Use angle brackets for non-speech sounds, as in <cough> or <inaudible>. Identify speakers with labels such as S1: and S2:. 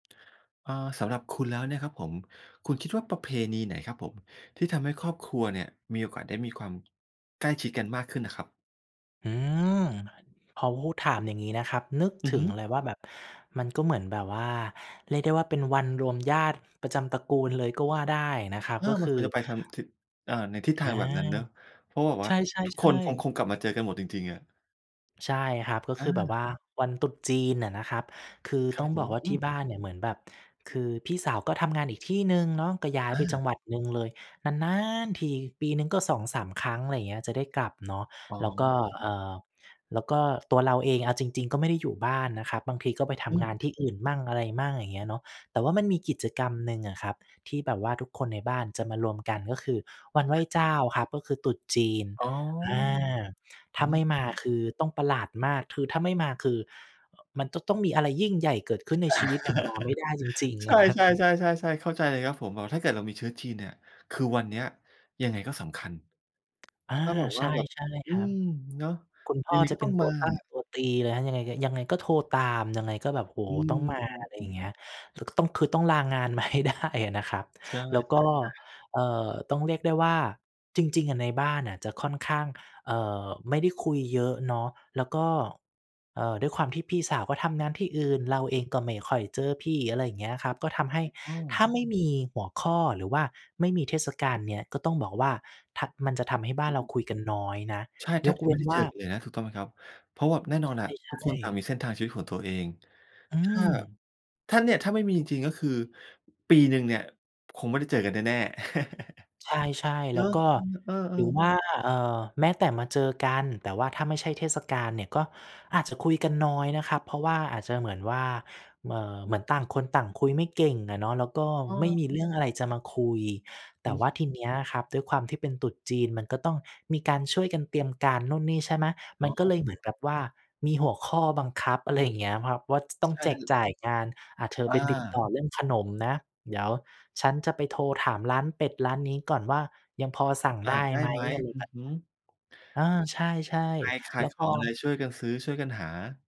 S1: เอ่อ สำหรับคุณแล้วเนี่ยครับผม คุณคิดว่าประเพณีไหนครับผมที่ทำให้ครอบครัวเนี่ยมีโอกาสได้มีความ ใกล้ชิดกันมากขึ้นน่ะครับ?
S2: อืม พอพูดถามอย่างงี้นะครับ นึก
S1: อ
S2: ถ
S1: ือ
S2: ึ
S1: ฮ
S2: ง
S1: ึ
S2: เลยว่าแบบ มันก็เหมือนแบบว่า เรียกได้ว่า เป็นวันรวมญาติประจำตระกูลเลยก็ว่าได้นะครับ
S1: อา
S2: ก็
S1: ม
S2: ค
S1: ัน
S2: ือ
S1: ควรจะไปทำ ท อ่า ในทิศทา
S2: อา
S1: งแบบนั้นเนาะ เพราะแบบว
S2: ใ
S1: ่า
S2: ช
S1: ทุกค
S2: ่
S1: นคง
S2: ๆ
S1: ค
S2: ๆ
S1: งกลับมาเจอกันหมดจริง ๆ อะ
S2: ใช่ครับ ก็
S1: อ
S2: คือแบบ
S1: า
S2: ว่าวันตรุษจีนอะนะครับ คือ
S1: คร
S2: ต
S1: ั
S2: ้
S1: บ
S2: อง
S1: ผ
S2: บอ
S1: ม
S2: กว่า
S1: อื
S2: ที่
S1: ม
S2: บ้านเนี่ยเหมือนแบบ คือพี่สาวก็ทำงานอีกที่หนึ่งเนาะก็ย้าย
S1: อ
S2: ไปจั
S1: า
S2: งหวัดหนึ่งเลย นานน๊านทีปีหนึ่งก็ 2-3 ครั้ง ไรเงี้ย จะได้กลับเนาะ
S1: อ๋อ
S2: แล้วก็
S1: ครั
S2: เอ
S1: บ
S2: ่อ แล้วก็ตัวเราเองเอาจริง ๆ ก็ไม่ได้อยู่บ้านนะครับ บางทีก็ไปท
S1: อื
S2: ำงา
S1: ม
S2: นที่อื่นมั่งอะไรมั่ง อย่างเงี้ยเนาะ แต่ว่ามันมีกิจกรรมหนึ่งอะครับ ที่แบบว่าทุกคนในบ้านจะมารวมกัน ก็คือวันไหว้
S1: อา
S2: เจ้าครับ ก็คือตรุษจีน
S1: อ๋อ
S2: อา ถ
S1: อ
S2: ้
S1: า
S2: าไม่มาคือต้องประหลาดมาก คือถ้าไม่มาคือ อ มันจะต้องมีอะไรยิ่งใหญ่เกิดขึ้นในชีวิตถึงมาไม่ได้จริ
S1: <chuckles>
S2: ง
S1: ใ
S2: ๆ
S1: ช่ ๆ
S2: <chuckles>
S1: ๆ ๆ ๆ เข้าใจเลยครับผม แบบถ้าเกิดเรามีเชื้อจีนเนี่ย คือวันเนี้ยยังไงก็สำคัญ
S2: อา
S1: ถ้าแบบ
S2: ใ
S1: ว
S2: ช
S1: ่า
S2: ่
S1: แบบ อ
S2: ๆ
S1: ื
S2: ครับ
S1: ม เนาะ
S2: คุณพ
S1: ยั
S2: ่อ
S1: งไง
S2: จ
S1: ก
S2: ะ
S1: ็
S2: เ
S1: ต
S2: ป
S1: ้
S2: ็
S1: อ
S2: น
S1: ง
S2: ต
S1: ม
S2: ั
S1: า
S2: วตั้ง
S1: อะ
S2: ตัวตีเลยนะ ยังไง ยังไงก็โทรตามยังไงก็แบบ โอ้
S1: อ
S2: โ
S1: ื
S2: ฮ ต้องมา ไรอย
S1: ม
S2: ่า
S1: ๆ ๆ
S2: งเงี้ย คือก็ต้อง คือต้องลางานมา ให้ได้ นะครับ
S1: ใช่
S2: แล้วก
S1: ๆ อ
S2: ็
S1: า
S2: เอ่อ ต้องเรียกได้ว่า จริง ๆ อะในบ้านน่ะจะค่อนข้าง เอ่อ ไม่ได้คุยเยอะเนาะ แล้วก็ เอ่อ ด้วยความที่พี่สาวก็ทำงานที่อื่น เราเองก็ไม่ค่อยเจอพี่ อะไรอย่างเงี้ยครับ ก็ทำให้
S1: ถูกต้อ
S2: ถ้
S1: ง
S2: าไม่มีหัวข้อหรือว่าไม่มีเทศกาลเนี้ย ก็ต้องบอกว่า ทัก มันจะทำให้บ้
S1: เข
S2: าน
S1: า
S2: เร
S1: หย
S2: า
S1: ุด
S2: คุยกันน้อยนะ
S1: ใช่ แท
S2: ย
S1: บ
S2: ก
S1: จ
S2: เ
S1: ะ
S2: ว
S1: ไม
S2: ้
S1: ่
S2: น
S1: ได้
S2: ว
S1: เจ
S2: ่า
S1: อกันเลยนะ ถูกต้องไหมครับ? เพราะแบบแน่นอ
S2: ใ
S1: นอะ
S2: ช
S1: ทุ
S2: ่
S1: กคนต่าง
S2: ๆ
S1: มีเส้นทางชีวิตของตัวเอง
S2: อื
S1: ถ้า
S2: ม
S1: ถ้าเนี่ย ถ้าไม่มีจริงก็คือ ปีหนึ่งเนี่ยคงไม่ได้เจอกันแน่ ๆ <chuckles>
S2: ใช่
S1: เ
S2: ๆ แ
S1: หร
S2: ล้
S1: อ?
S2: วก็
S1: อือ เอ
S2: ห
S1: อ
S2: รือ
S1: ๆ
S2: ว่า เอ่อ แม้แต่มาเจอกัน แต่ว่าถ้าไม่ใช่เทศกาลเนี่ยก็อาจจะคุยกันน้อยนะครับ เพราะว่าอาจจะเหมือนว่า เอ่อ เหมือนต่างคนต่างคุยไม่เก่งอะเนาะ แล้วก็
S1: อ๋
S2: ไม่
S1: อ
S2: มีเรื่องอะไรจะมาคุย แ
S1: อ
S2: ต่
S1: ืม
S2: ว่าทีเนี้ยครับด้วยความที่เป็นตรุษจีน มันก็ต้องมีการช่วยกันเตรียมการนู่นนี่ ใช่ไหม
S1: อ
S2: ม
S1: ๋
S2: ันก็เ
S1: อ
S2: ลยเหมือนกับว่ามีหัวข้อบังคับ อะไรอย่างเงี้ยครับ ว่าจะต้อง
S1: ใช
S2: แ
S1: ่
S2: จกจ่ายงาน "อา เธอ
S1: อ
S2: ไปติดต่
S1: า
S2: อเรื่องขนมนะ เดี๋ยวฉันจะไปโทรถามร้านเป็ดร้านนี้ก่อนว่ายังพอสั่ง
S1: อ
S2: ไ
S1: า
S2: ด้
S1: ได้
S2: ไหม"
S1: ไหม
S2: อะไร
S1: อื
S2: แบ
S1: อ
S2: บเน
S1: ฮ
S2: ี
S1: ึ
S2: ้ย อา ใช่
S1: ใครข
S2: ๆ แ
S1: า
S2: ล้
S1: ย
S2: ว
S1: ข
S2: พอ
S1: องอะไรช่วยกันซื้อช่วยกันหา